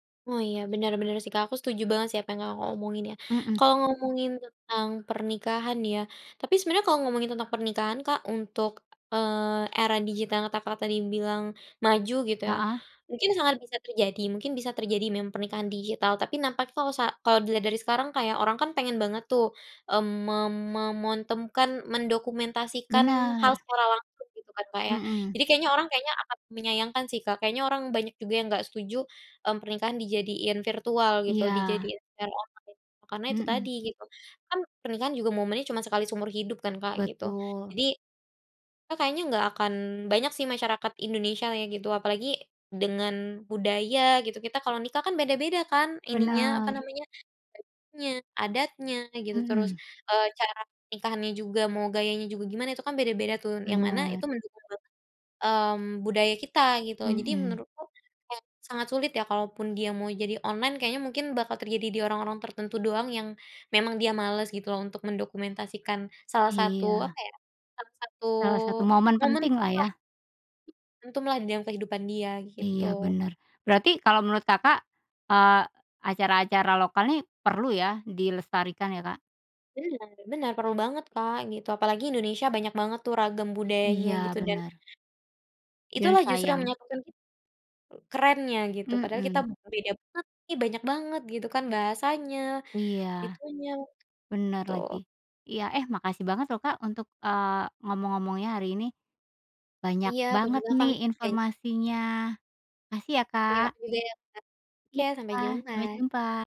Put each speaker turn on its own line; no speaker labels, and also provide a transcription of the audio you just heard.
Oh, iya. Benar benar sih Kak. Aku setuju banget sih apa yang Kakak omongin ya.
Mhm.
Kalau ngomongin tentang pernikahan ya? Tapi sebenarnya kalau ngomongin tentang pernikahan Kak, untuk, eee, era digital yang kata Kakak tadi bilang maju gitu ya?
Heeh.
Mungkin sangat bisa terjadi, mungkin bisa terjadi mem pernikahan digital. Tapi nampak kalo sa kalau dilihat dari sekarang, kayak orang kan pengen banget tuh, mmm, mem memontemkan mendokumentasikan hal
Benar.
secara langsung, gitu kan Kak ya?
Mhm.
Jadi kayaknya, orang kayaknya akan menyayangkan sih Kak. Kayaknya orang banyak juga yang enggak setuju, mmm, pernikahan dijadiin virtual gitu,
Iya.
dijadiin secara online. Karena itu
Mhm.
tadi gitu. Kan, pernikahan juga momennya cuma sekali seumur hidup kan Kak, gitu.
Betul.
Jadi, a kayaknya nggak akan banyak sih masyarakat Indonesia ya gitu. Apalagi dengan budaya gitu, kita kalau nikah kan beda-beda kan? Ininya, apa
Benar.
namanya? Bajunya, adatnya, gitu terus,
Mhm.
eee, cara nikahannya juga, mau gayanya juga gimana, itu kan beda-beda tuh. Yang mana
Benar.
itu mendukung banget, mmm, budaya kita gitu. Jadi
Mhm.
menurutku, ya sangat sulit ya. Kalaupun dia mau jadi online, kayaknya mungkin bakal terjadi di orang-orang tertentu doang yang, memang dia males gitu loh, untuk mendokumentasikan salah satu
Iya.
apa ya? Salah satu
Salah satu momen
momen lah
penting lah ya?
[unintelligible] momentum lah di dalam kehidupan dia,
Iya,
gitu.
benar. Berarti, kalau menurut Kakak, eee, acara-acara lokal nih, perlu ya dilestarikan ya Kak?
Benar benar. Perlu banget Kak gitu. Apalagi Indonesia banyak banget tuh ragam budayanya
Iya,
gitu. Dan,
benar. Dan
itulah justru yang
sayang.
menyatukan ki kerennya gitu. Padahal kita
Mhm.
beda banget nih, banyak banget gitu kan, bahasanya,
Iya.
itunya.
Benar
Tuh.
lagi. Iya eh, makasih banget loh Kak, untuk, eee, ngomong-ngomongnya hari ini. Banyak
Iya, aku
banget
juga kan,
nih
ben
informasinya. Makasih ya
Terima
Kak.
kasih juga ya Kak. Oke,
Iya,
sampai
sampai
jumpa.
jumpa.